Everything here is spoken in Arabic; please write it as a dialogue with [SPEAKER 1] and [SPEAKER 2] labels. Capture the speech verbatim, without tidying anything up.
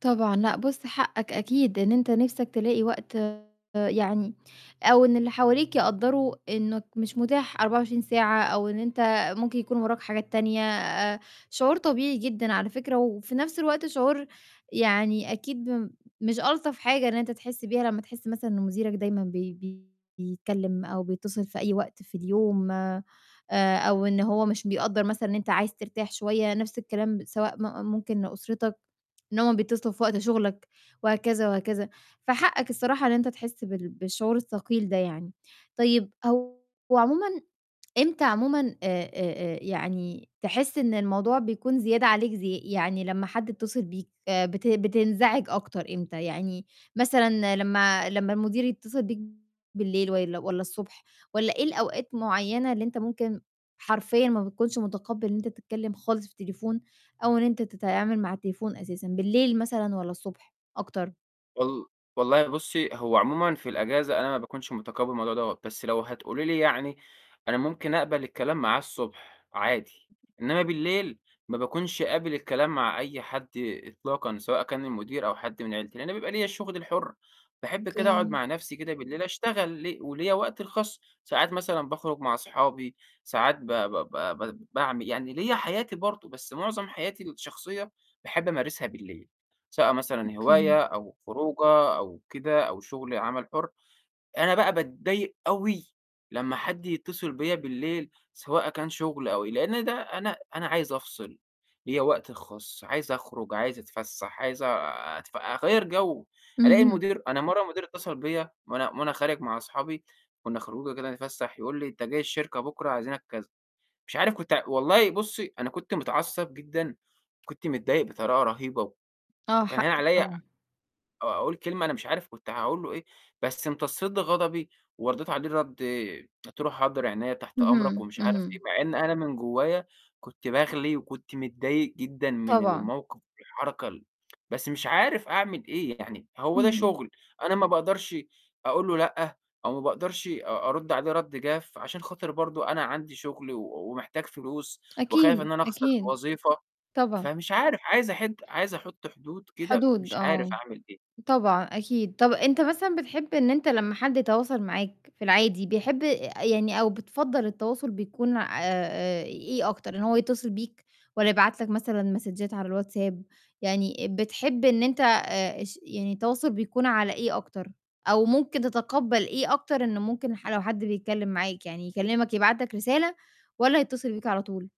[SPEAKER 1] طبعًا. لأ بُص، حقك أكيد إن أنت نَفْسك تلاقي وقت يعني أو إن اللي حواليك يقدّروا إنّك مش متاح أربعة وعشرين ساعة أو إن أنت ممكن يكون وراك حاجات تانية. آآ شعور طبيعي جدًا على فكرة، وفي نَفْس الوقت شعور يعني أكيد مش ألطف حاجة إن أنت تحس بيها، لمّا تحس مثلًا إن مديرك دايمًا بي بيتكلِّم أو بيتّصل في أي وقت في اليوم آآ أو إن هو مش بيقدّر مثلًا إن أنت عايز ترتاح شوية، نَفْس الكلام سواء م ممكن لأسرتك إن هم بيتّصلوا في وقت شُغلك، وهكذا وهكذا. فحقك الصراحة إن انت تحس بال بالشعور الثقيل ده يعني. طيب هو عمومًا إمتى عمومًا آآ آآ آآ يعني تحس إن الموضوع بيكون زيادة عليك ز يعني لمّا حد يتّصل بيك، آآ بت بتنزعج أكتر إمتى؟ يعني مثلًا لمّا لمّا المدير يتّصل بيك بالليل والّا والّا الصبح والّا إيه الأوقات معيّنة اللي أنت ممكن حرفيًا ما بتكونش متقبّل إن أنت تتكلِّم خالص في التليفون أو إن أنت تتعامل مع التليفون أساسًا، بالليل مثلًا والّا الصبح أكتر؟
[SPEAKER 2] وال والله بُصّي، هو عمومًا في الإجازة أنا ما باكونش متقبّل الموضوع دوّة، بس لو هتقولي لي يعني أنا ممكن أقبل الكلام معاه الصبح عادي، إنّما بالليل ما باكونش قابل الكلام مع أي حد إطلاقًا، سواء كان المدير أو حد من عيلتي، لإن أنا بيبقى ليّا الشُغل الحُر، باحب كده أقعُد
[SPEAKER 1] أوكي.
[SPEAKER 2] مع نَفْسي كده بالليل أشتغل ل وليّا وقتي الخاص، ساعات مثلًا باخرج مع أصحابي، ساعات ب ب ب ب باعمل يعني ليّا حياتي برضه، بس معظم حياتي الشخصية، باحب أمارسها بالليل، سواء مثلًا
[SPEAKER 1] أوكي.
[SPEAKER 2] هواية أو خروجة أو كده أو شُغل عمل حُر. أنا بقى باتضايق أوي لمّا حد يتّصل بيّا بالليل، سواء كان شُغل أو لإن ده أنا أنا عايز أفصل، ليّا وقتي الخاص عايز أخرج، عايز أتفسّح، عايز أتف أغيّر جَو، ألاقي
[SPEAKER 1] اهم.
[SPEAKER 2] المدير أنا مرّة المدير اتّصل بيّا وأنا وأنا خارج مع أصحابي، كُنّا خروجة كده بنتفسّح، يقول لي: "أنت جاي الشركة بكره، عايزينك،" كذا. مش عارف كنت والله بُصّي، أنا كنت متعصب جدًا، كنت متضايق بطريقة رهيبة،
[SPEAKER 1] آه،
[SPEAKER 2] وكان هاين
[SPEAKER 1] حقك
[SPEAKER 2] عليّا آآ
[SPEAKER 1] طبعًا.
[SPEAKER 2] أقول كلمة أنا مش عارف كنت هاقول له إيه، بس امتصّيت غضبي، وردّيت عليه رَد قُلت له: "حاضر عينيا، تحت أمرك،"
[SPEAKER 1] اهم،
[SPEAKER 2] ومش عارف إيه،
[SPEAKER 1] اهم.
[SPEAKER 2] مع إن أنا من جوّايا كنت باغلي وكنت متضايق جدًا من
[SPEAKER 1] طبعًا.
[SPEAKER 2] الموقِف والحركة ال بس مش عارف أعمل إيه يعني هو ده
[SPEAKER 1] اهم.
[SPEAKER 2] شُغل، أنا ما باقدرش أقول له لأ أو ما باقدرش أ أرُد عليه رَد جاف، عشان خاطر برضه أنا عندي شُغل و ومحتاج فلوس وخايف
[SPEAKER 1] أكيد،
[SPEAKER 2] إن أنا أخسر
[SPEAKER 1] أكيد.
[SPEAKER 2] الوظيفة.
[SPEAKER 1] طبعًا.
[SPEAKER 2] فمش عارف، عايز أحِد عايز أحُط حدود كده
[SPEAKER 1] حدود
[SPEAKER 2] مش عارف
[SPEAKER 1] آه.
[SPEAKER 2] أعمل إيه.
[SPEAKER 1] طبعًا، أكيد. طَب أنت مثلًا بتحب إن أنت لمّا حد يتواصل معاك في العادي، بيحب آآ يعني أو بتفضّل التواصل بيكون آآ إيه أكتر؟ إن هو يتّصل بيك والّا يبعت لك مثلًا مسدجات على الWhatsApp؟ يعني بتحب إن أنت آآ اش يعني التواصل بيكون على إيه أكتر؟ أو ممكن تتقبّل إيه أكتر إنه ممكن ح لو حد بيتكلِّم معاك يعني يكلِّمك يبعت لك رسالة والّا يتّصل بيك على طول؟